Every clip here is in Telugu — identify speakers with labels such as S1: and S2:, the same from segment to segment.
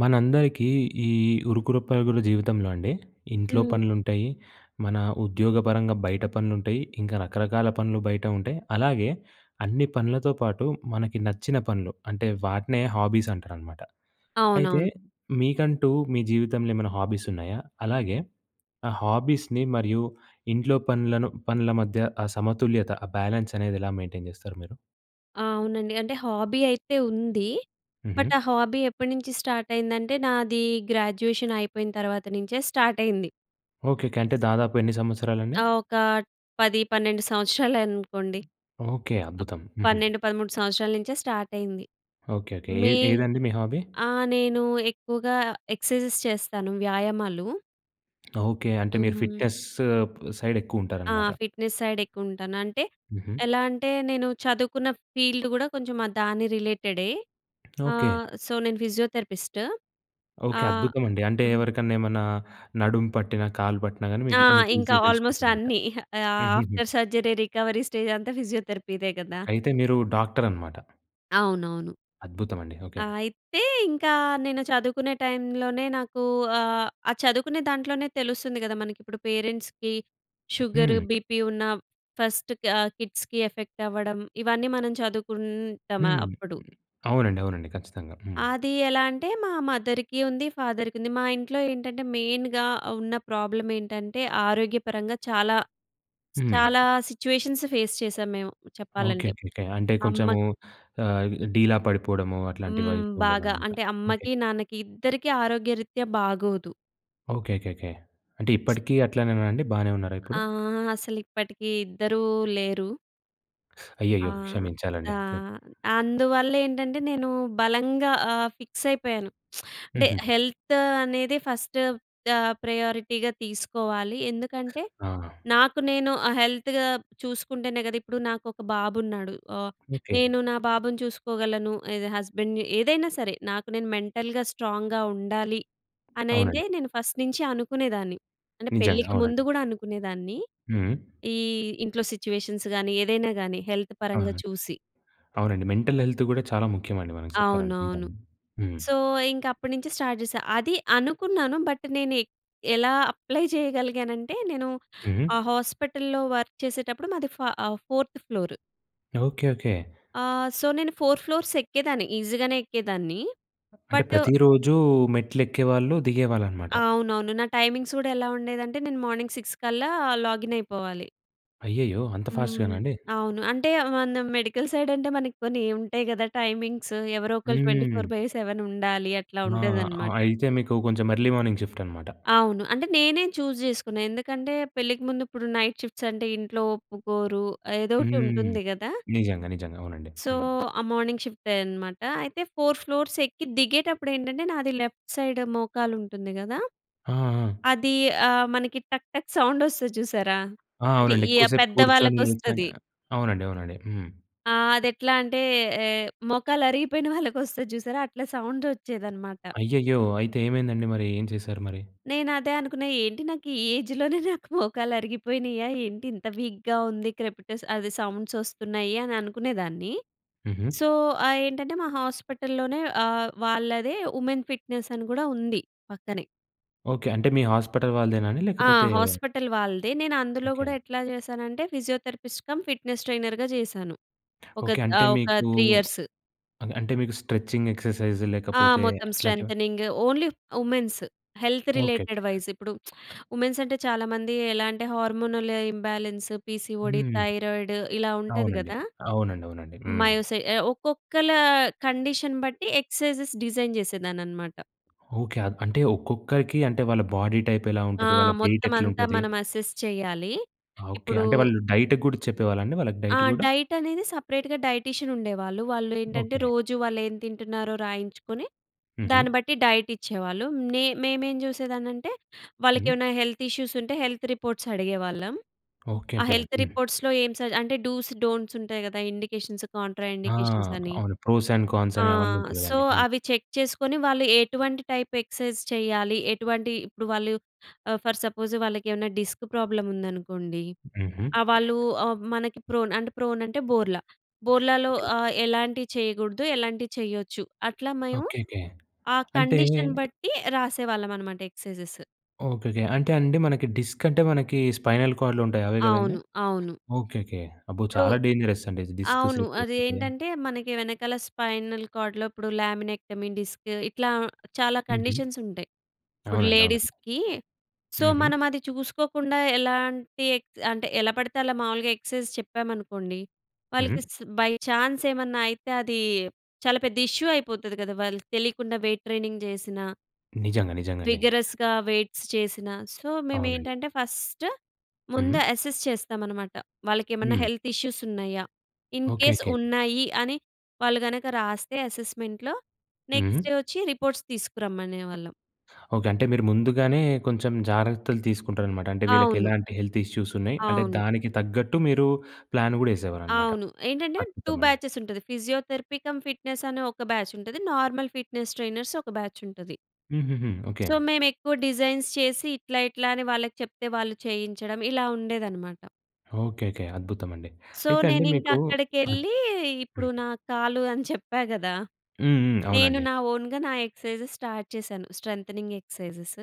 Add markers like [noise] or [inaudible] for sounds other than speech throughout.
S1: మనందరికీ ఈ ఉరుకుల పరుగుల జీవితంలో అండి, ఇంట్లో
S2: హ్మ్.
S1: పనులుంటయి, మన ఉద్యోగపరంగా బయట పనులుంటయి, ఇంకా రకరకాల పనులు బయట ఉంటాయి. అలాగే, అన్ని పనులతో పాటు మనకి నచ్చిన పనులు అంటే, వాటినే హాబీసంటారనమాట. అయితే,
S2: అవునవును.
S1: మీకంటూ మీ జీవితంలో ఏమన్నా హాబీసున్నాయా? అలాగే, ఆ హాబీస్‍ని మరియు ఇంట్లో పనులను పనుల మధ్య ఆ సమతుల్యత, ఆ బ్యాలెన్సనేది ఎలా మెయింటెయిన్ జేస్తారు మీరు?
S2: అవునండి. అంటే హాబీ అయితే ఉంది, బట్
S1: హుహు.
S2: ఆ హాబీ ఎప్పడినించి స్టార్టయిందంటే, నాదీ గ్రాడ్యుయేషన్ అయిపోయిన తర్వాత నించే స్టార్టయింది.
S1: ఓకెకె. అంటే, దాదాపు ఎన్ని సంవత్సరాలండి?
S2: ఆహ్, ఒకా 10, 12 సంవత్సరాలనుకోండి.
S1: ఓకే.
S2: అప్
S1: అద్భుతం. హుహు.
S2: 12, 13 సంవత్సరాల నించే స్టార్టయింది.
S1: ఓకె. ఓకె. ఏ
S2: మే
S1: ఏదండి మీ హాబీ?
S2: ఆ! నేనూ ఎక్కువగా ఎక్సైజెస్ చేస్తాను, వ్యాయామాలు.
S1: ఓకే. అంటే మీరు
S2: హ్మ్.
S1: ఫిట్నెస్సు ప్
S2: ఆ!
S1: సైడెక్కువుంటారనమాట.
S2: ఫిట్‍నెస్ సైడెక్కువుంటాను. అంటే,
S1: హుహు.
S2: ఎలా అంటే నేను చదువుకున్న ఫీల్డ్ గూడా కొంచెం ఆహ్, దాని రిలేటెడే.
S1: ఓకే.
S2: ఆహ్, సో, నేను ఫిజియోథెరపిస్టు.
S1: ఓకే.
S2: ఆహ్,
S1: అద్భుతమండి. అంటే,
S2: హ్మ్.
S1: ఎవరికన్నా ఎమన్నా నడుము పట్టిన, కాలు పట్టినా గానీ
S2: ఆ!
S1: మీకు, మీకు
S2: ఇంకా
S1: ఈజీగా
S2: ఆల్మోస్ట్
S1: తెలిసిపోతుందిమాట.
S2: అన్నీ. ఇహ ఆహ్,
S1: హుహుహు.
S2: ఆఫ్టర్ సర్జరీ రికవరీ స్టేజంతా ఫిజియోథెరపీదే గదా!
S1: ఓకే. అయితే, మీరూ డాక్టరనమాట.
S2: అవునవును.
S1: అద్భుతమండి. ఓకే.
S2: ఆహ్, అయితే, ఇంకా నేను చదువుకునే టైం లోనే నాకూ ఆహ్, ఆ చదువుకునే దాంట్లోనే తెలుస్తుంది గదా! మనకిప్పుడు పేరెంట్స్‌కి, షుగరు,
S1: హ్మ్.
S2: బీపీ ఉన్నా, ఫస్ట్ కా ఆహ్, కిడ్స్‌కి ఎఫెక్టవ్వడం. ఇవన్నీ మనం
S1: హ్మ్.
S2: చదువుకుంటామాప్పుడు.
S1: అవునండి. అవునండి. ఖచ్చితంగా. హ్మ్.
S2: అది ఎలా అంటే, మా మదర్‌కి ఉంది, ఫాదర్‌కుంది. మా ఇంట్లో ఏంటంటే, మెయిన్‌గా ఉన్న ప్రాబ్లమేంటంటే, ఆరోగ్యపరంగా చాలా,
S1: హ్మ్.
S2: చాలా సిచ్యువేషన్స్ ఫేస్ చేశాం మేము చెప్పాలంటే.
S1: ఓకేకే. అంటే,
S2: అమ్మ
S1: కొంచము ఆహ్, డీలా పడిపోడము అట్లాంటివై
S2: హ్మ్. బాగా.
S1: ఉండేదనమాట.
S2: అంటే, అమ్మకి,
S1: ఓకేకే.
S2: నాన్నకి ఇద్దరికి ఆరోగ్యరిత్యా బాగోదు.
S1: ఓకేకే. అంటే, ఇప్పటికీ అట్లానేనా అండి? బానే ఉన్నారా ఇప్పుడు?
S2: ఆహ్, అసలిప్పటికీ ఇద్దరూ లేరు.
S1: [sucks teeth]
S2: ఆ!
S1: అయ్యయ్యో! క్షమించాలండి
S2: ఆ!
S1: తే
S2: అందువల్లేంటంటే, నేను బలంగా ఆహ్, ఫిక్సయిపోయాను. [smacks lips] అంటే,
S1: హుహు.
S2: హెల్త్ అనేది ఫస్టు ఆహ్, ప్రయారిటీగా తీసుకోవాలి. ఎందుకంటే,
S1: ఆ!
S2: నాకు నేను ఆహ్, హెల్త్‌గా చూసుకుంటేనే గద. ఇప్పుడు నాకొక బాబున్నాడు. ఆహ్,
S1: ఓకే.
S2: నేను నా బాబుని చూసుకోగలను, ఇదే హస్బెండ్‌ని, ఏదైనా సరే. నాకు నేను మెంటల్‌గా స్ట్రాంగ్‌గా ఉండాలి అనయితే,
S1: అవునండి.
S2: నేను ఫస్ట్ నించి అనుకునేదాన్ని. అంటే,
S1: నిజంగా.
S2: పెళ్ళికి ముందు
S1: అవునండి.
S2: గూడా అనుకునేదాన్ని.
S1: హ్మ్.
S2: ఈ ఇంట్లో సిచ్యువేషన్స్ గానీ, ఏదైనా గానీ, హెల్త్
S1: ఆ!
S2: పరంగా చూసి.
S1: అవునండి. మెంటల్ హెల్త్ గూడా, చాలా ముఖ్యమండి మనకి చెప్పాలంటే, నిజం.
S2: అవునవును.
S1: హ్మ్.
S2: సో, ఇంకప్పుడు నించి, స్టార్ట్ జేశా. అది అనుకున్నాను, బట్, నేనె ఎలా అప్లై చెయ్యగలిగానంటే, నేను
S1: హుహు.
S2: ఆ హాస్పటల్‌లో వర్క్ చేసేటప్పుడు, మాది ఫా ఆహ్, ఫోర్త్ ఫ్లోర్.
S1: ఓకె. ఓకె.
S2: ఆహ్, సో, నేను 4 ఫ్లోర్స్ ఎక్కేదాన్ని. ఈజీగానే ఎక్కేదాన్ని.
S1: అంటే
S2: బటు
S1: ప్రతి రోజు మెట్లు ఎక్కేవాళ్ళు, దిగేవాళ్ళు అన్నమాట.
S2: అవునవును. నా టైమింగ్స్ కూడా ఎలా ఉండేదంటే, నేను మార్నింగ్ 6 కల్లా లాగిన్ అయిపోవాలి.
S1: అయ్యయ్యో! అంత
S2: హ్మ్.
S1: ఫాస్ట్‌గానండి?
S2: అవును. అంటే మన మెడికల్ సైడ్ అంటే, మనకి కొన్ని ఉంటాయి కదా! టైమింగ్స్ ఎవరో ఒకళ్ళు ట్వెంటీఫోర్
S1: హ్మ్.
S2: బై సెవెన్ ఉండాలి. అట్లా
S1: ఆ! అ
S2: ఉండేదన్నమాట.
S1: అయితే మీకు కొంచెం ఎర్లీ మార్నింగ్ షిఫ్ట్ అనమాట.
S2: అవును. అంటే నేనే చూజ్ చేసుకున్నా. ఎందుకంటే, పెళ్ళికి ముందు ఇప్పుడు నైట్ షిఫ్ట్స్ అంటే ఇంట్లో ఒప్పుకోరు, ఏదో
S1: హ్మ్.
S2: ఒకటుంటుంది కదా!
S1: నిజంగా, నిజంగా. అవునండి.
S2: సో,
S1: హ్మ్.
S2: ఆ మార్నింగ్ షిఫ్టే అనమాట. అయితే, 4 ఫ్లోర్స్ ఎక్కి దిగేటప్పుడు ఏంటంటే, నాది లెఫ్ట్ సైడ్ మోకాలుంటుంది కదా!
S1: ఆ! ఆ!
S2: అది ఆహ్, మనకి టక్, టక్ సౌండ్ ఒస్తది చూసారా?
S1: ఆ!
S2: అంటే,
S1: అవునండి.
S2: ఈ
S1: ఎక్కువసేపు కూర్చొని, నిల్చొని
S2: పెద్దవాళ్ళకొస్తది.
S1: అవునండి, అవునండి. హ్మ్.
S2: ఆహ్, అది ఎట్లా అంటే, ఏ మోకాలు అరిగిపోయిన వాళ్ళకి వస్తాది చూసారా? అట్లా సౌండ్ ఒచ్చేదనమాట.
S1: అయ్యయ్యో! అయితే ఏమైందండి మరి? ఏం చేశారు మరి?
S2: నేను అదే అనుకున్నా. ఏంటి నాకు ఈ ఏజ్‌ లోనే నాకు మోకాళ్ళు అరిగిపోయినాయా, ఏంటి ఇంత వీక్‌గా ఉంది, క్రెపిటస్ అదే సౌండ్స్ ఒస్తున్నాయి అని అనుకునేదాన్ని.
S1: హుహు.
S2: సో, ఆహ్, ఏంటంటే, మా హాస్పిటల్‌లోనే ఆహ్, వాళ్ళదే వుమెన్ ఫిట్నెస్ అని కూడా ఉంది పక్కనే.
S1: ఓకే. అంటే, మీ హాస్పిటల్ వాళ్ళదేనాండి
S2: ఆ!
S1: లేకపోతే
S2: హాస్పిటల్ వాళ్ళదే. నేను అందులో గూడా
S1: ఓకే.
S2: ఎట్లా జేశానంటే, ఫిజియోథెరపిస్ట్ కమ్, ఫిట్నెస్ ట్రైనర్‌గా జేశాను.
S1: ఓకే.
S2: ఒకట్
S1: అంటే
S2: ఆహ్, ఒక
S1: మీకు
S2: 3 ఇయర్స్.
S1: ఆహ్, అంటే మీకు స్ట్రెచింగ్ ఎక్సర్‌సైజ్
S2: ఆ!
S1: లేకపోతే,
S2: మొత్తం
S1: అట్లాంటివా?
S2: Strengthening, only women's. Health related
S1: okay.
S2: వైస్ ఇప్పుడు [smacks lips] వుమెన్స్ అంటే, చాలా మంది ఎలా అంటే హార్మోనల్ ఇంబాలెన్స్, పి‌సి‌‌ఓ‌డి,
S1: హ్మ్.
S2: థైరాయిడ్ ఇలా ఉంటది
S1: అవునండీ.
S2: గదా!
S1: అవునండీ. అవునండీ. హ్మ్.
S2: మయోసై ఆహ్, ఒక్కొక్కల కండిషన్ బట్టి ఎక్సైజ్‌స్ డిజైన్ చేసేదాన్నన్నమాట.
S1: ఓకే. ఆద్ అంటే ఒక్కొక్కరికి అంటే, వాళ్ళ బాడీ టైప్ ఎలా
S2: ఆ!
S1: ఉంటది, వాళ్ళ వెయిట్
S2: మొత్తమంతా
S1: ఎట్లుంటది?
S2: మనం అసెస్ చేయాలి.
S1: ఆ! ఓకే.
S2: ఇప్పుడు
S1: అంటే వాళ్ళు డైట్‌కి గూడ చెప్పేవాళ్ళండి? వాళ్ళకి
S2: ఆ!
S1: డైట్ గూడా.
S2: డైట్ అనేది సపరేట్‌గా డైటీషియన్ ఉండేవాళ్ళు. వాళ్ళు ఏంటంటే,
S1: ఓకే.
S2: రోజు వాళ్ళు ఏం తింటున్నారో రాయించుకొని,
S1: హుహు.
S2: దాన్ని బట్టి డైట్ ఇచ్చేవాళ్ళు. నే మేమేం చూసేదాన్నంటే, వాళ్ళకి
S1: హ్మ్.
S2: ఏమన్నా హెల్త్ ఇష్యూస్ ఉంటే, హెల్త్ రిపోర్ట్స్ అడిగేవాళ్ళం. ఆ
S1: ఓకే‌కే.
S2: హెల్త్
S1: హ్మ్.
S2: రిపోర్ట్స్‌లో ఏం సజ అంటే డూస్, డోంట్స్ ఉంటాయి గదా! ఇండికేషన్స్, కాంట్రా
S1: ఆ!
S2: ఇండికేషన్స్ అని.
S1: అవును. ప్రోస్ అండ్ కాన్స్
S2: ఆ!
S1: అని అవన్నీ ఉంటాయి
S2: సో,
S1: గదండీ! హ్మ్.
S2: అవి చెక్ చేసుకొని వాళ్ళు ఎటువంటి టైప్ ఎక్సైజ్ చేయాలి. ఎటువంటి ఇప్పుడు వాళ్ళు ఆహ్, ఫర్ సపోజ్ వాళ్ళకి ఏమన్నా డిస్క్ ప్రాబ్లమ్ ఉందనుకోండి.
S1: హుహు.
S2: ఆ! వాళ్ళు ఆహ్, మనకి ప్రోన్ అంటే ప్రోన్ అంటే, బోర్ల. బోర్లాలో
S1: ఓకే‌.
S2: ఆహ్, ఎలాంటివి చేయగూడదు ఎలాంటివి చేయొచ్చు. అట్లా మేము
S1: ఓకే‌కే.
S2: ఆ
S1: అంటే
S2: కండిషన్ బట్టి రాసేవాళ్ళమన్నమాట ఎక్సైజెస్.
S1: ఓకేకే. అంటే అండి, మనకి డిస్క్ అంటే, మనకి స్పైనల్ కార్డ్‌లో ఉంటాయి అవే కదండీ?
S2: అవును. అవును.
S1: ఓకేకే. అబ్బో!
S2: ఇప్పుడు
S1: చాలా డేంజరస్ అండి డిస్క్
S2: అవును. అది
S1: స్లిపయిపోతే.
S2: ఏంటంటే, మనకి వెనకాల స్పైనల్ కార్డ్‌లో ఇప్పుడు ల్యామినెక్టమీ డిస్కు ఇట్లా చాలా
S1: హుహు.
S2: కండిషన్స్ ఉంటయి. ఇప్పుడు
S1: అవునండి. అవునండి.
S2: లేడీస్‌కి. సో,
S1: హుహు.
S2: మనమది చూసుకోకుండా ఎలాంటి ఎక్ అంటే ఎలా పడితే అలా మావూలుగా ఎక్ససైజ్ చెప్పామనుకోండి,
S1: హుహు.
S2: వాళ్ళకి స్ బై ఛాన్స్ ఏమన్నా అయితే, అది చాలా పెద్ద ఇష్యూ అయిపోతది గదా! వాళ్ళకి తెలియకుండా వెయిట్ ట్రైనింగ్ చేసినా
S1: నిజంగా, నిజంగండి.
S2: విగరస్‌గా వెయిట్స్ చేసినా సో,
S1: అవునండి.
S2: మేమేంటంటే, ఫస్టు ముందు
S1: హుహు.
S2: అసెస్ చేస్తామనమాట. వాళ్ళకి ఏమన్నా
S1: హ్మ్.
S2: హెల్త్ ఇష్యూస్ ఉన్నాయా? ఇన్‌కేస్
S1: ఓకేకే.
S2: ఉన్నాయి అని వాళ్ళు గనక రాస్తే, అసెస్మెంట్‌లో నెక్స్టు
S1: హుహు.
S2: వొచ్చి రిపోర్ట్స్ తీసుకురమ్మనేవాళ్ళం.
S1: ఓకే. అంటే మీరు ముందుగానే కొంచెం జాగ్రత్తలు తీసుకుంటారనమాట. అంటే, వీళ్ళకి
S2: అవును.
S1: ఎలాంటి హెల్త్ ఇష్యూస్ ఉన్నాయి, అంటే
S2: అవును.
S1: దానికి తగ్గట్టు మీరు ప్లాన్ గూడా ఏసేవారనమాట.
S2: అవును. ఏంటంటే 2
S1: అద్భుతమండి.
S2: బ్యాచెసుంటది. ఫిజియోథెరపీ కమ్ ఫిట్నెస్ అనే ఒక బ్యాచుంటది. నార్మల్ ఫిట్నెస్ ట్రైనర్స్ ఒక బ్యాచుంటది.
S1: హుహుహు. ఓకే.
S2: సో, మేమెక్కువ డిజైన్స్ చేసి ఇట్లా, ఇట్లా అని వాళ్ళకి చెప్తే వాళ్ళు చేయించడం ఇలా ఉండేదనమాట.
S1: ఓకెకె. అద్భుతమండి.
S2: సో
S1: అయితే అండి
S2: నేనింక
S1: మీకు హ్మ్.
S2: అక్కడికెళ్ళి ఇప్పుడు
S1: హ్మ్.
S2: నా కాలు అని చెప్పా గదా!
S1: హ్మ్. హ్మ్.
S2: నేను
S1: అవునండి.
S2: నా ఓన్‌గా నా ఎక్సర్‌సైజెస్ స్టార్ట్ చేశాను. Strengthening exercises.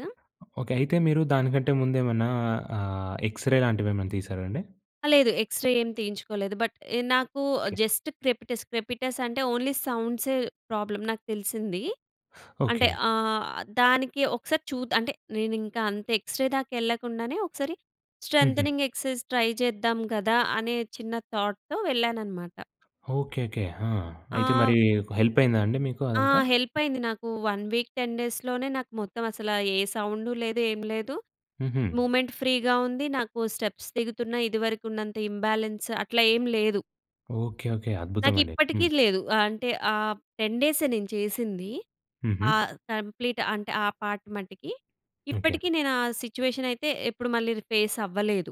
S1: ఓకె. అయితే మీరు దానికంటే ముందేమన్నా ఆహ్, ఎక్స్‌రే లాంటివేమన్నా తీశారా అండి?
S2: ఆ! లేదు ఎక్స్‌రే ఏం తీయించుకోలేదు. బట్ ఇ నాకు
S1: ఓకే.
S2: Just crepitus. క్రెపిటస్ అంటే ఓన్లీ సౌండ్సే ప్రాబ్లమ్ నాకు తెలిసింది.
S1: [sucks teeth]
S2: అంటే
S1: ఓకె.
S2: ఆహ్, దానికి ఒకసారి చూద్ అంటే నేనింక అంత ఎక్స్‌రే దాకా వెళ్ళకుండానే ఒకసారి
S1: హుహు.
S2: స్ట్రెంతెనింగ్ ఎక్సర్‌సైజెస్ ట్రై చేద్దాం గదా! అనే చిన్న థాట్‌తో వెళ్ళాననమాట.
S1: ఓకెకె. ఆ! అయితే మరి
S2: ఆహ్
S1: ఒక హెల్ప్ అయిందా అండి మీకు
S2: ఆ!
S1: అదంతా?
S2: హెల్ప్ అయింది నాకు 1 వీక్ 10 డేస్‌లోనే నాకు మొత్తం అసల ఏ సౌండు లేదు ఏం లేదు.
S1: హుహు.
S2: మూమెంట్ ఫ్రీగా ఉంది. నాకు స్టెప్స్ దిగుతున్న ఇదివరకు ఉన్నంత ఇంబాలెన్స్ అట్లా ఏమి లేదు.
S1: ఓకె. ఓకె. అద్భుతమండి.
S2: నాకిప్పటికి
S1: హ్మ్.
S2: లేదు. అంటే ఆహ్, 10 డేసే నేను చేసింది.
S1: హుహు.
S2: ఆహ్, కంప్లీట్ అంటే ఆ పార్ట్ మటికి.
S1: ఓకె.
S2: ఇప్పటికి నేను ఆ సిట్యుయేషన్ అయితే ఎప్పుడు మళ్ళీ ర్ ఫేస్ అవ్వలేదు.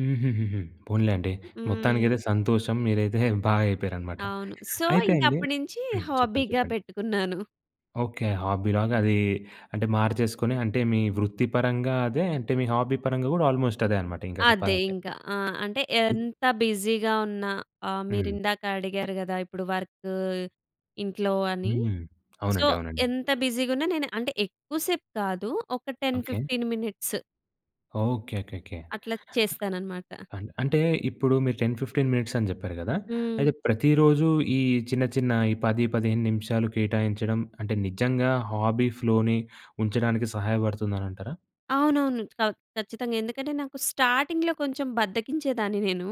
S1: హుహుహుహు. పోనిలేండి మొత్తానికైతే
S2: హ్మ్.
S1: సంతోషం మీరైతే [chuckles] బాగా అయిపోయారనమాట.
S2: అవును సో
S1: అయితే
S2: ఇంక
S1: అండి
S2: అప్పడినుంచి
S1: హ్మ్. చెప్పండి.
S2: హాబీగా
S1: చెప్పండి.
S2: పెట్టుకున్నాను.
S1: ఓకె. హాబీలాగా అది అంటే మార్చేసుకొని అంటే మీ వృత్తి పరంగా అదే అంటే మీ హాబీ పరంగా గూడా ఆల్మోస్ట్ అదే అన్నమాట. ఇంకా
S2: అదే
S1: చెప్పాలంటే.
S2: ఇంకా. ఆ! అంటే
S1: ఇ
S2: ఎంత బిజీగా ఉన్నా ఆహ్,
S1: హ్మ్.
S2: మీరిందాక అడిగారు కదా! ఇప్పుడు వర్క్ ఇంట్లో అని
S1: హ్మ్.
S2: సో
S1: అవునండీ. అవునండీ.
S2: ఎంత బిజీగా ఉన్నా నేను అంటే ఎక్కువ సేపు కాదు ఒక ten
S1: okay.
S2: Fifteen minutes.
S1: Okay.
S2: అట్లా చేస్తాననమాట.
S1: అన్ అంటే, ఇప్పుడు మీరు 10, 15 మినిట్స్ అని చెప్పారు కదా!
S2: హ్మ్.
S1: అయితే ప్రతిరోజు ఈ చిన్న, చిన్న ఈ 10, 15 నిమిషాలు కేటాయించడం, అంటే నిజంగా హాబీ ఫ్లోని ఉంచడానికి సహాయపడుతుందని అంటారా?
S2: అవునవును, ఖ ఖచ్చితంగా ఎందుకంటే, నాకు స్టార్టింగ్‌లో కొంచెం బద్దకించేదాన్ని నేను.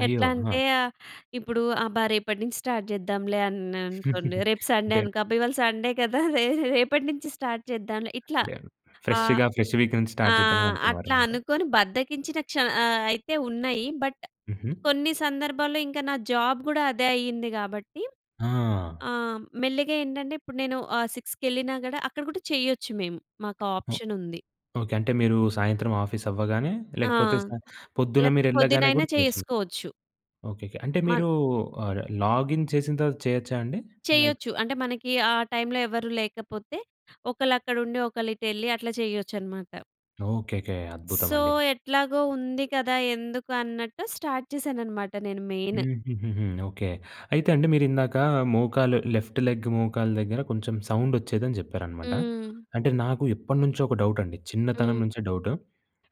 S1: అయ్యో!
S2: ఎట్లా
S1: ఆ!
S2: అంటే ఆహ్, ఇప్పుడు అబ్బా! రేపటి నుంచి స్టార్ట్ చేద్దాంలే అన్నానుకోండి,
S1: [giggles]
S2: రేపు సండే
S1: అంటే
S2: అనుకో అబ్బా! ఇవాళ సండే కదా! రే రేపటి నుంచి స్టార్ట్ చేద్దాంలే ఇట్లా,
S1: అంటే,
S2: ఆ
S1: ఫ్రెష్‌గా, ఫ్రెష్ వీకేండ్
S2: ఆ!
S1: స్టార్ట్ చేద్దాం అని
S2: అట్లా
S1: అనుకునేవారన్నమాట.
S2: అనుకోని, బద్ధకించిన క్ష ఆహ్, అయితే ఉన్నాయి. బట్,
S1: హుహు.
S2: కొన్ని సందర్భాల్లో ఇంకా నా జాబ్ కూడా అదే అయ్యింది గాబట్టి.
S1: ఆ!
S2: ఆహ్, మెల్లిగా ఏంటంటే ఇప్పుడు నేను ఆహ్, 6కి కెళ్ళినా కూడా, అక్కడ కూడా చేయ్యొచ్చు మేము. మాకా
S1: ఓహ్!
S2: ఆప్షనుంది.
S1: ఓకే. అంటే మీరు సాయంత్రం ఆఫీస్ అవ్వగానే,
S2: ఆ!
S1: లేకపోతే సా పొద్దున మీరు
S2: లేకపోతే
S1: ఎళ్ళగానే
S2: పొద్దునైనా
S1: కూడా [unintelligible]
S2: చేసుకోవచ్చు.
S1: ఓకేకే. అంటే,
S2: మన్
S1: మీరు అర్ లాగిన్ చేసిన తర్వాత చేయొచ్చా అండి? ఆ లైక్
S2: చేయ్యొచ్చు. అంటే, మనకి ఆ టైంలో ఎవరు లేకపోతే, ఒకళ్ళు అక్కడ ఉండి, ఒకళ్ళు ఇటేళ్లి అట్లా చేయొచ్చన్నమాట.
S1: ఓకేకే.
S2: సో,
S1: అద్భుతమండి.
S2: ఎట్లాగో ఉంది కదా! ఎందుకు అన్నట్టు స్టార్ట్ చేశాననమాట నేను మెయిన్.
S1: హుహుహు. ఓకే, అయితే అండి మీరు ఇందాక, మోకాలు లెఫ్ట్ లెగ్ మోకాలు దగ్గర కొంచెం సౌండ్ ఒచ్చేదని చెప్పారనమాట.
S2: హ్మ్.
S1: అంటే, నాకు ఎప్పటినుంచో ఒక డౌట్ అండి. చిన్నతనం
S2: హ్మ్.
S1: నుంచే డౌటు.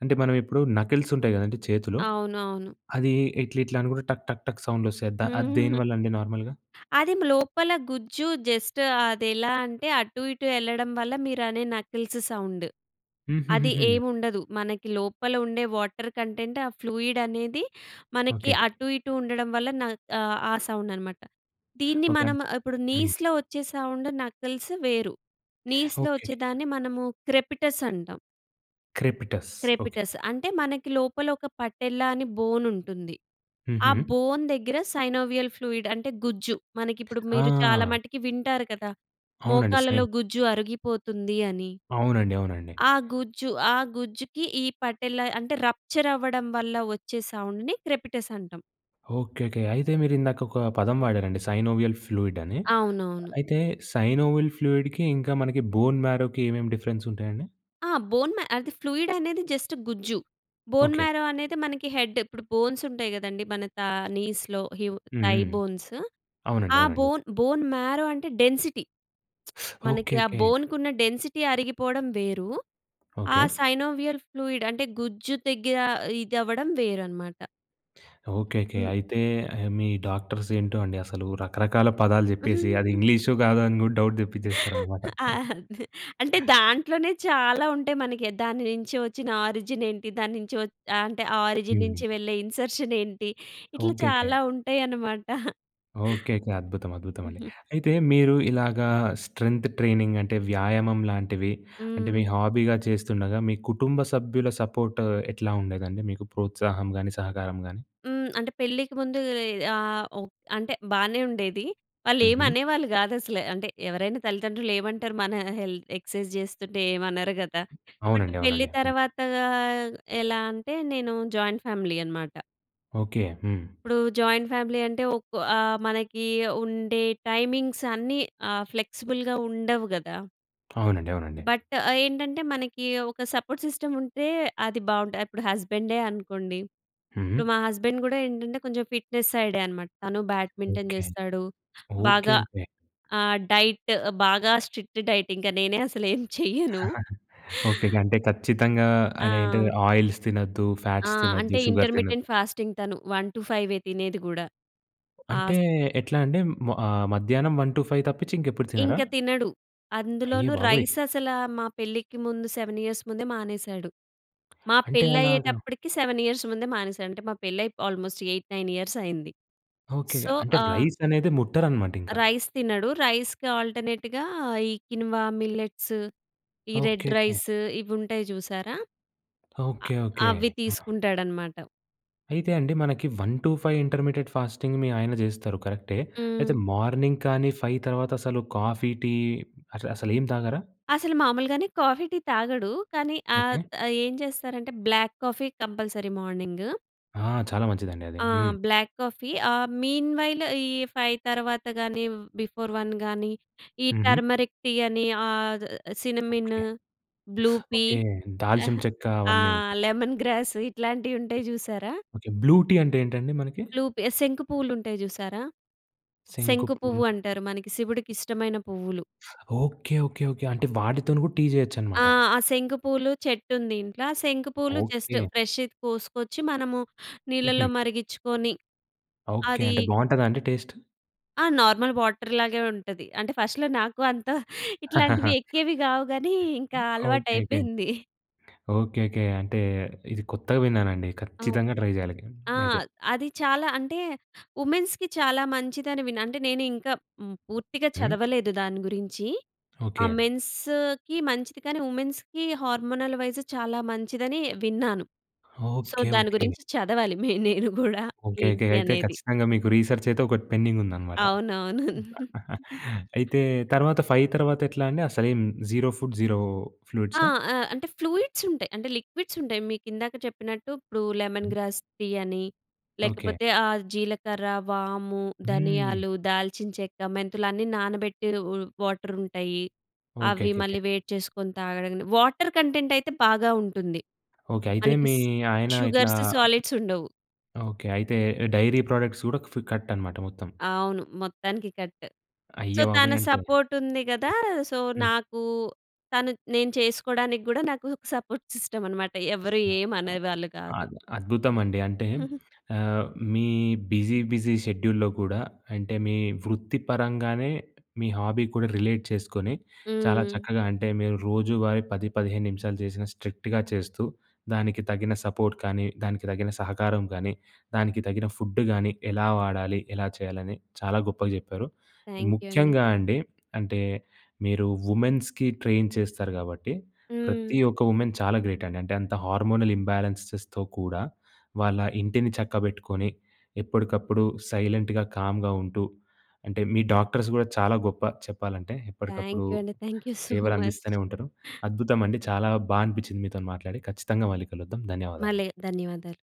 S1: అంటే, మనం ఇప్పుడు నకిల్స్ ఉంటాయి కదండీ! చేతులో
S2: అవునవును.
S1: అది ఇట్లా, ఇట్లా అనుకుంటే టక్, టక్, టక్ సౌండ్ వొస్తాయి అది ద
S2: హుహుహు.
S1: దేనివల్ల అండి నార్మల్‍గా?
S2: అదేమ లోపల గుజ్జు జస్ట్ అదెలా అంటే, అటు, ఇటు ఎళ్ళడం వల్ల మీరనే నకిల్స్ సౌండ్. అది
S1: హుహుహు.
S2: ఏమి ఉండదు. మనకి లోపల ఉండే వాటర్ కంటెంట్ ఆ ఫ్లూయిడ్ అనేది మనకి
S1: ఓకే.
S2: అటు, ఇటు ఉండడం వల్ల న ఆహ్, ఆ సౌండన్నమాట. దీన్ని
S1: ఓకే
S2: మనం
S1: అండి
S2: ఇప్పుడు
S1: హ్మ్.
S2: నీస్‌లో వచ్చే సౌండ్ నకిల్స్ వేరు.
S1: [sucks teeth]
S2: నీస్‌లో వచ్చే,
S1: ఓకేకే.
S2: దాన్ని మనము క్రెపీటస్ అంటాం.
S1: క్రెపిటస్. ఓకె.
S2: క్రెపిటస్ అంటే, మనకి లోపలొక పటెల్లా అని బోనుంటుంది. ఆ
S1: హుహు.
S2: బోన్ దగ్గిర సైనోవియల్ ఫ్లూయిడ్ అంటే గుజ్జు. మనకిప్పుడు మీరు చాలా
S1: ఆ!
S2: మటికి వింటారు కదా!
S1: అవునండి.
S2: మోకాళ్ళలో
S1: సైన్
S2: గుజ్జు అరిగిపోతుంది అని,
S1: అవునండి. అవునండి.
S2: ఆ గుజ్జు. ఆ గుజ్జుకి ఈ పటెల్లా అంటే, రప్చరవ్వడం వల్ల ఒచ్చే సౌండ్‌ని క్రెపిటసంటాం.
S1: ఓకె. ఓకె. అయితే, మీరిందాకొక పదం వాడారండి సైనోవియల్ ఫ్లూయిడ్ అని.
S2: అవునవును.
S1: అయితే, సైనోవియల్ ఫ్లూయిడ్‌కి ఇంకా మనకి బోన్ మ్యారోకి ఏమేం డిఫరెన్సుంటాయండి.
S2: ఆ! బోన్ మా అది ఫ్లూయిడనేది జస్ట్ గుజ్జు. Bone
S1: okay.
S2: మ్యారో అనేది మనకి హెడ్డ్. ఇప్పుడు బోన్సుంటయి గదండి, మన తా నీస్‌లో, హివ్
S1: హుహు.
S2: Thigh bones.
S1: అవునండి.
S2: ఆ
S1: అవునండి.
S2: బోన్ బోన్ మ్యారో అంటే డెన్సిటీ.
S1: [sucks teeth]
S2: [smacks lips] మనకి ఆ
S1: ఓకెకె.
S2: బోన్‌కున్న డెన్సిటీ అరిగిపోడం వేరు, ఆ
S1: ఓకే.
S2: సైనోవియల్ ఫ్లూయిడ్ అంటే, గుజ్జు దెగ్గిర ఇది అవ్వడం వేరనమాట.
S1: ఓకే. ఓకే.
S2: హ్మ్.
S1: అయితే, ఆహ్, మీ డాక్టర్సేంటో అండి అసలు, రకరకాల పదాలు జెప్పేసి అది
S2: [giggles]
S1: ఇంగ్లీషో, గాదో అని గూడా డౌట్ దెప్పిచ్చేస్తారనమాట.
S2: ఆ! అదే అంటే,
S1: [giggles]
S2: దాంట్లోనే చాలా ఉంటయి మనకె. దాని నించి ఒచ్చిన ఆరిజినేంటి, దాని నించి ఒ అంటే, ఆ ఆరిజిన్
S1: హ్మ్.
S2: నించి వెళ్ళే ఇన్సర్షనేంటి, ఇట్లా
S1: ఓకెకె.
S2: చాలా ఉంటాయనమాట. [chuckles]
S1: ఓకేకే. అద్భుతం. అద్భుతమండి.
S2: [giggles]
S1: అయితే, మీరు ఇలాగా స్ట్రెంథ్ ట్రైనింగ్ అంటే, వ్యాయామం లాంటివి అంటే, మీ
S2: హ్మ్.
S1: హాబీగా చేస్తుండగా, మీ కుటుంబ సభ్యుల సపోర్ట్ ఎట్లా ఉండేదండి, మీకు ప్రోత్సాహం గానీ, సహకారం గానీ?
S2: హ్మ్. అంటే, పెళ్ళికి ముందూ ఈ ఆహ్, ఒ అంటే, బానే ఉండేది.
S1: హుహు.
S2: వాళ్ళేమనేవాళ్ళు గాదసల. అంటే, ఎవరైనా తల్లితండ్రులేమంటారు, మనా హెల్ ఎక్సైజ్ జేస్తుంటే, ఏమనరు గదా! బట్
S1: అవునండి.
S2: పెళ్లి
S1: అవునండి. హ్మ్.
S2: తర్వాతా ఎలా అంటే, నేను జాయింట్ ఫ్యామిలీ అనమాట.
S1: ఓకే. హ్మ్.
S2: ఇప్పుడు జాయింట్ ఫ్యామిలీ అంటే, ఒక ఆహ్, మనకి ఉండే టైమింగ్స్ అన్నీ ఆహ్, ఫ్లెక్స్‌బుల్‌గా ఉండవు గదా!
S1: అవునండి. అవునండి.
S2: బట్, ఏంటంటే, మనకి ఒక సపోర్ట్ సిస్టమ్ ఉంటే, అది బావుంట ఇప్పుడు హస్బెండే అనుకోండి. ఇప్పుడు
S1: హుహు.
S2: మా హస్బెండ్ కూడా ఏంటంటే, కొంచెం ఫిట్‍నెస్ సైడే అనమాట. తను బ్యాడ్మింటన్
S1: ఓకే.
S2: చేస్తాడు.
S1: ఓకే.
S2: బాగా
S1: ఓకే.
S2: ఆహ్, డైట్ బాగా స్ట్రిక్ట్ డైట్ ఇంకా నేనే అసలు ఏమి చేయను.
S1: [chuckles] ఓకే. గంటే ఖచ్చితంగా, అది ఏంటది
S2: ఆ!
S1: ఆయిల్స్ తినొద్దు,
S2: ఆ!
S1: ఫ్యాట్స్ తినొద్దు,
S2: అంటే,
S1: షుగర్
S2: ఇంటర్మిటెంట్
S1: తినొద్దు.
S2: ఫాస్టింగ్ తను 1-5 తినేది కూడా.
S1: అంటే
S2: ఆస్
S1: ఎట్లా అంటే, మ ఆహ్, మధ్యాహ్నం 1-5 తప్పించి ఇంకెప్పుడు తినరా?
S2: ఇంక తినడు.
S1: అయ్య
S2: అందులోనూ
S1: బాబోయ్!
S2: రైస్ అసల, మా పెళ్ళికి ముందు 7 ఇయర్స్ ముందే మానేశాడు. మా
S1: అంటే,
S2: పెళ్లి
S1: అలాగా
S2: అయ్యేటప్పటికి, 7 ఇయర్స్ ముందే మానేసాడు. అంటే మా పెళ్ళిఅయి, ఆల్మోస్ట్ 8, 9 ఇయర్స్ అయింది.
S1: ఓకే.
S2: సో
S1: అంటే
S2: ఆహ్
S1: రైస్ అనేది ముట్టరనమాట ఇంకా.
S2: రైస్ తినడు. రైస్‌కి ఆల్టర్నేట్‌గా ఈ కిన్వా మిల్లెట్స్, ఈ రెడ్
S1: ఓకేకే.
S2: రైస్ ఇవి ఉంటాయి చూసారా, అ
S1: ఓకే. ఓకే.
S2: అవి
S1: ఆ!
S2: తీసుకుంటాడన్నమాట.
S1: అయితే అండి, మనకి 1-5 ఇంటర్మీడియట్ ఫాస్టింగ్ మీ ఆయన చేస్తారు కరెక్టే. అయితే
S2: హ్మ్.
S1: మార్నింగ్ కానీ, 5 తర్వాత అసలు కాఫీ, టీ అసల, అసల ఏం తాగరా?
S2: అసలు మామూలుగానే కాఫీ, టీ తాగడు. కానీ ఆత్
S1: ఓకే.
S2: ఆహ్, ఏం చేస్తారంటే, బ్లాక్ కాఫీ కంపల్సరీ మార్నింగు.
S1: ఆ! చాలా మంచిదండి అది.
S2: ఆ!
S1: హ్మ్.
S2: బ్లాక్ కాఫీ ఆహ్, మీన్ వైల్ ఈ 5 తర్వాత గాని బిఫోర్ 1 గాని, ఈ
S1: హుహు.
S2: టర్మరిక్ టీ అని ఆహ్, cinnamon,
S1: okay.
S2: Blue pea,
S1: okay దాల్చిన
S2: ఆహ్,
S1: చెక్క అవన్నీ ఉంటాయి.
S2: లెమన్ గ్రాస్ ఇట్లాంటివి
S1: ఓకే.
S2: ఉంటాయి జూసారా.
S1: ఓకే. బ్లూ టీ అంటే ఏంటండి? మనకి.
S2: బ్లూ పీ, శంకు పువ్వులు ఉంటాయి జూసారా.
S1: శంకు
S2: శంకు
S1: పూలు.
S2: పువ్వు అంటారు మనకి శివుడికి ఇష్టమైన పువ్వులు.
S1: ఓకే. ఓకే. ఓకే. అంటే వాటితోను గూడా టీ
S2: ఆ!
S1: జేయొచ్చన్నమాట.
S2: ఆ శంకు పూలు చెట్టు ఉంది ఇంట్ల శంకు పూలు జస్ట్
S1: ఓకె.
S2: ఫ్రెష్‌ది కోసుకొచ్చి మనము
S1: హుహు.
S2: నీళ్లలో మరిగించుకొని
S1: ఓకే
S2: అది
S1: అంటే, బావుంటదా అండి టేస్ట్?
S2: ఆ! నార్మల్ వాటర్ లాగే ఉంటది. అంటే ఫస్ట్‌లో నాకు అంత ఇట్లాంటివి
S1: [chuckles]
S2: ఎక్కేవి కావు కాని ఇంకా
S1: ఓకేకే.
S2: అలవాటయిపోయింది. [chuckles]
S1: ఓకేకే. అంటే ఇది కొత్తగా విన్నానండి.
S2: అవును.
S1: ఖచ్చితంగా ట్రై చేయాలి
S2: ఆ!
S1: అయితే.
S2: అది చాలా అంటే వుమెన్స్‌కి చాలా మంచిదని విన్నా. అంటే నేను ఇంకా హ్మ్, పూర్తిగా
S1: హ్మ్.
S2: చదవలేదు దాని గురించి. ఆ
S1: ఓకే.
S2: మెన్స్‌కి మంచిది కానీ, వుమెన్స్‌కి హార్మోనల్ వైస్ చాలా మంచిదని విన్నాను. So
S1: okay.
S2: దాని
S1: ఓకే.
S2: గురించి చదవాలి. మే నేను గూడా
S1: ఓకే. ఓకే.
S2: ఏంటి?
S1: అయితే
S2: అనేది.
S1: ఖచ్చితంగా మీకు రిసెర్చ్ అయితే ఒకటి పెండింగ్ ఉందన్నమాట.
S2: అవునవును.
S1: [laughs]
S2: [chuckles]
S1: అయితే తర్వాత 5 తర్వాత ఎట్లా అండి అసలేం జీరో ఫుడ్, జీరో
S2: ఆ!
S1: ఫ్లూయిడ్సా?
S2: ఆ! అంటే ఫ్లూయిడ్స్ ఉంటాయి. అంటే లిక్విడ్స్ ఉంటాయి. మీకు ఇందాక చెప్పినట్టు. ఇప్పుడు లెమన్
S1: హ్మ్.
S2: గ్రాస్ టీ అని,
S1: ఓకే.
S2: లేకపోతే ఆహ్, జీలకర్ర, వాము,
S1: హ్మ్.
S2: ధనియాలు, దాల్చిన చెక్క, మెంతులు అన్నీ నానబెట్టిరు వాటర్ ఉంటాయి, అవి
S1: ఓకేకేకే.
S2: మళ్ళీ వేడి చేసుకొని తాగడం. వాటర్ కంటెంట్ అయితే బాగా ఉంటుంది.
S1: ఓకే. అయితే
S2: మనకి
S1: మీ ఆయన ఇట్లా,
S2: షుగర్స్, సాలిడ్స్ ఉండవు.
S1: ఓకే. అయితే డైరీ ప్రోడక్ట్స్ గూడా ఫు కట్ అన్నమాట మొత్తం.
S2: అవును. మొత్తానికి కట్. సో
S1: అయ్యబాబోయ్!
S2: తన
S1: అంటే
S2: సపోర్ట్ ఉంది గదా! సో
S1: హ్మ్.
S2: నాకు తను నేను చేసుకోవడానికి గూడా నాకు సపోర్ట్ సిస్టమ్ అనమాట. ఎవరు ఏమి అనేవాళ్ళు గాదు.
S1: అద్ అద్భుతమండి. అంటే
S2: [giggles]
S1: ఆహ్, మీ బిజీ బిజీ షెడ్యూల్‌లో కూడా అంటే మీ వృత్తి పరంగానే మీ హాబీ కూడా రిలేట్ చేసుకొని చాలా
S2: హ్మ్.
S1: చక్కగా అంటే మీరు రోజువారీ 10, 15 నిమిషాలు చేసిన స్ట్రిక్ట్‌గా చేస్తూ దానికి తగిన సపోర్ట్ గానీ, దానికి తగిన సహకారం గానీ, దానికి తగిన ఫుడ్ గానీ, ఎలా వాడాలి, ఎలా చేయాలని చాలా గొప్పగా జెప్పారు.
S2: థాంక్ యూ అండి.
S1: ముఖ్యంగా అండి అంటే మీరు వుమెన్స్‌కి ట్రైన్ చేస్తారు గాబట్టి. ప్రతి
S2: హ్మ్.
S1: ఒక్క వుమెన్ చాలా గ్రేట్ అండి. అంటే అంత హార్మోనల్ ఇంబ్యాలెన్సెస్‍తో కూడా వాళ్ళ ఇంటిని చక్కబెట్టుకొని ఎప్పడకప్పుడు సైలెంట్‌గా, కామ్‌గా ఉంటూ, అంటే మీ డాక్టర్స్ గూడా చాలా గొప్ప చెప్పాలంటే
S2: థ్యాంక్
S1: ఎప్పడకప్పుడు
S2: యూ అండి. Thank you so much.
S1: సేవలందిస్తనే ఉంటారు. అద్భుతమండి. చాలా బా అనిపించింది మీతో మాట్లాడి. ఖచ్చితంగా మళ్ళీ కలుద్దాం.
S2: మళ్ళీ
S1: ధన్యవాదాలండి.
S2: ధన్యవాదాలు.